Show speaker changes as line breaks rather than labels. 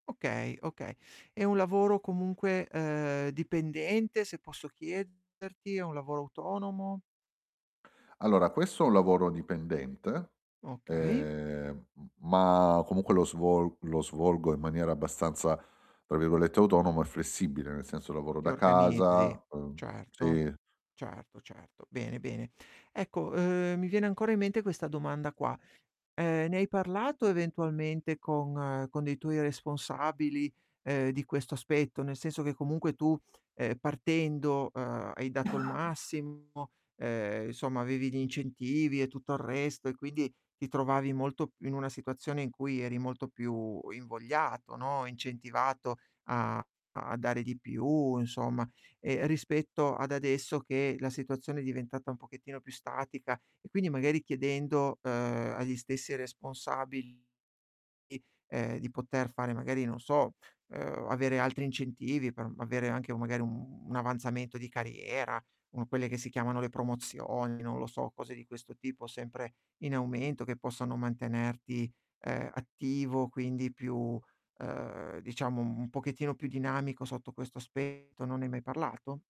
Okay, okay. È un lavoro comunque, ehm, dipendente se posso chiederti? È un lavoro autonomo?
Allora questo è un lavoro dipendente,
Okay.
ehm, m ma comunque lo svol lo svolgo in maniera abbastanza, tra virgolette "autonomo e flessibile", nel senso lavoro
Ti
da
organizzi.
casa, uhm
Certo,
sì.
certo, certo. Bene, bene. Ecco, ehm, mi viene ancora in mente questa domanda qua: ehm, ne hai parlato eventualmente con con dei tuoi responsabili, ehm, di questo aspetto? Nel senso che comunque tu, ehm, partendo, ehm, hai dato il massimo, ehm, insomma avevi gli incentivi e tutto il resto e quindi ti trovavi molto in una situazione in cui eri molto più invogliato, no, incentivato a a dare di più insomma, ehm, rispetto ad adesso che la situazione è diventata un pochettino più statica, e quindi magari chiedendo, ehm, agli stessi responsabili, ehm, di poter fare magari, non so, ehm, o avere altri incentivi per avere anche magari, uhm, un avanzamento di carriera, uhm, quelle che si chiamano le promozioni, non lo so, cose di questo tipo, sempre in aumento, che possano mantenerti, ehm, attivo, quindi più, ehm, diciamo un pochettino più dinamico sotto questo aspetto, non ne hai mai parlato?